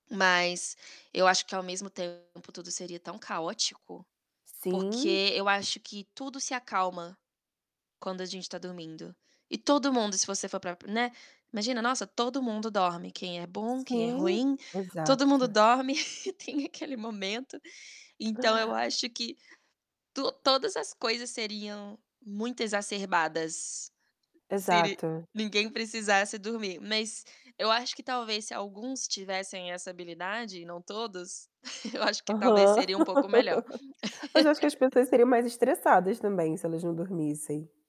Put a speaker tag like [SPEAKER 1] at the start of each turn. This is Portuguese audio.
[SPEAKER 1] Mas eu acho que ao mesmo tempo tudo seria tão caótico,
[SPEAKER 2] Sim.
[SPEAKER 1] porque eu acho que tudo se acalma quando a gente tá dormindo. E todo mundo, se você for parar para né. Imagina, nossa, todo mundo dorme, quem é bom, quem é
[SPEAKER 2] Sim,
[SPEAKER 1] ruim, todo mundo
[SPEAKER 2] exato.
[SPEAKER 1] dorme e tem aquele momento. Então eu acho que to-todas as coisas seriam muito exacerbadas se ni
[SPEAKER 2] Exato.
[SPEAKER 1] ninguém precisasse dormir. Mas eu acho que talvez, se alguns tivessem essa habilidade, não todos, eu acho que talvez
[SPEAKER 2] Aham.
[SPEAKER 1] seria um pouco melhor.
[SPEAKER 2] Mas acho que as pessoas seriam mais estressadas também, se elas não dormissem.